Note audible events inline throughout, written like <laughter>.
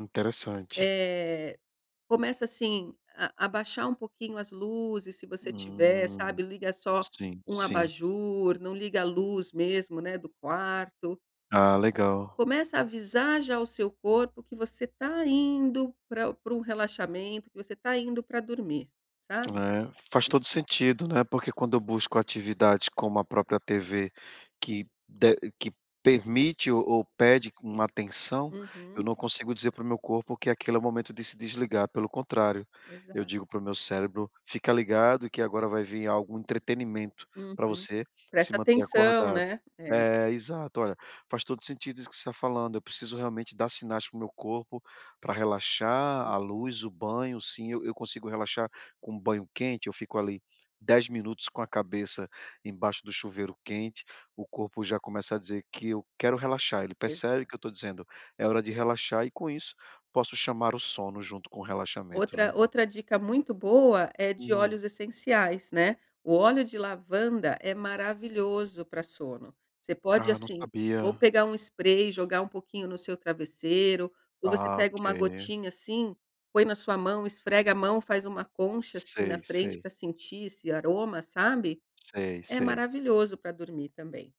Interessante. Eh, começa assim, a abaixar um pouquinho as luzes, se você tiver, Hum. sabe, liga só Sim, um sim. abajur, não liga a luz mesmo, né, do quarto. Ah, legal. Começa a avisar já o seu corpo que você tá indo pra pra um relaxamento, que você tá indo pra dormir, sabe. É, faz E todo sentido, né, porque quando eu busco atividades, como a própria TV que de que permite ou ou pede uma atenção, eu Uhum. não consigo dizer para o meu corpo que aquele é o momento de se desligar, pelo contrário. Eu digo Exato. para o meu cérebro: "Fica ligado que agora vai vir algum entretenimento pra Uhum. você se Presta manter atenção, acordado". né. É. É, exato, olha. Faz todo o sentido isso que você tá falando. Eu preciso realmente dar sinais para o meu corpo pra relaxar a Uhum. luz, o banho sim, eu eu consigo relaxar com um banho quente, eu fico ali 10 minutos com a cabeça embaixo do chuveiro quente, o corpo já começa a dizer que eu quero relaxar. Ele percebe Exato. que eu tô dizendo: "É hora de relaxar" e com isso posso chamar o sono junto com o relaxamento, né. Outra outra dica muito boa é de Hum. óleos essenciais, né. O óleo de lavanda é maravilhoso pra sono. Você pode, Ah, não assim, ou sabia. pegar um spray e jogar um pouquinho no seu travesseiro. Ou você Ah, pega uma OK. gotinha, assim, põe na sua mão, esfrega a mão, faz uma concha, assim, na Sei, frente sei. pra sentir esse aroma, sabe. Sei, É sei. maravilhoso pra dormir também.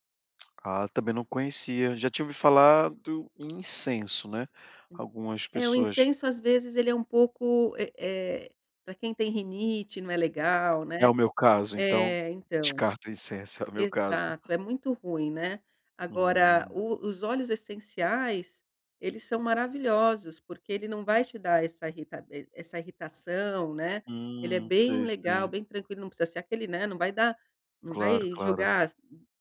Ah, também não conhecia. Já tinha ouvido falar do incenso, né. Sim. Algumas É, o pessoas incenso, às vezes, ele é um pouco, eh eh, pra quem tem rinite não é legal né. É o meu caso, então. É, então. Descarta incenso é o meu caso. Exato, é muito ruim, né. Agora Hum. o os óleos essenciais, eles são maravilhosos porque ele não vai te dar essa irritab essa irritação, né. Ele é Hum, bem sei legal, se bem tranquilo não precisa ser aquele, né, não vai dar não Claro, vai claro. jogar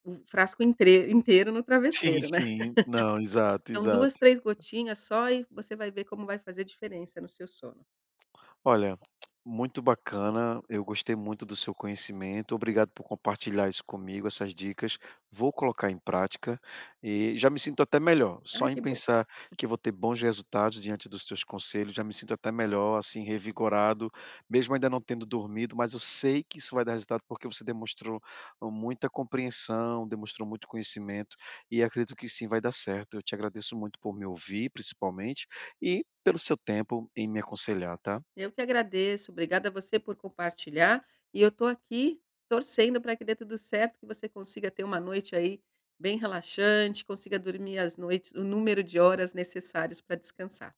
o frasco inteiro- inteiro no Sim, travesseiro, né. sim. Não, <laughs> exato, Então, exato. 2 3 gotinhas só e você vai ver como vai fazer diferença no seu sono. Olha, muito bacana. Eu gostei muito do seu conhecimento. Obrigado por compartilhar isso comigo, essas dicas. Vou colocar em prática e já me sinto até melhor, só Ai, em que bom. pensar <laughs> que eu vou ter bons resultados diante dos seus conselhos, já me sinto até melhor, assim, revigorado, mesmo ainda não tendo dormido, mas eu sei que isso vai dar resultado porque você demonstrou e muita compreensão, demonstrou muito conhecimento. E acredito que sim, vai dar certo. Eu te agradeço muito por me ouvir, principalmente, e pelo seu tempo em me aconselhar, tá? Eu que agradeço, obrigada a você por compartilhar, e eu tô aqui, torcendo pra que dê tudo certo, que você consiga ter uma noite aí bem relaxante, consiga dormir as noites o número de horas necessários pra descansar.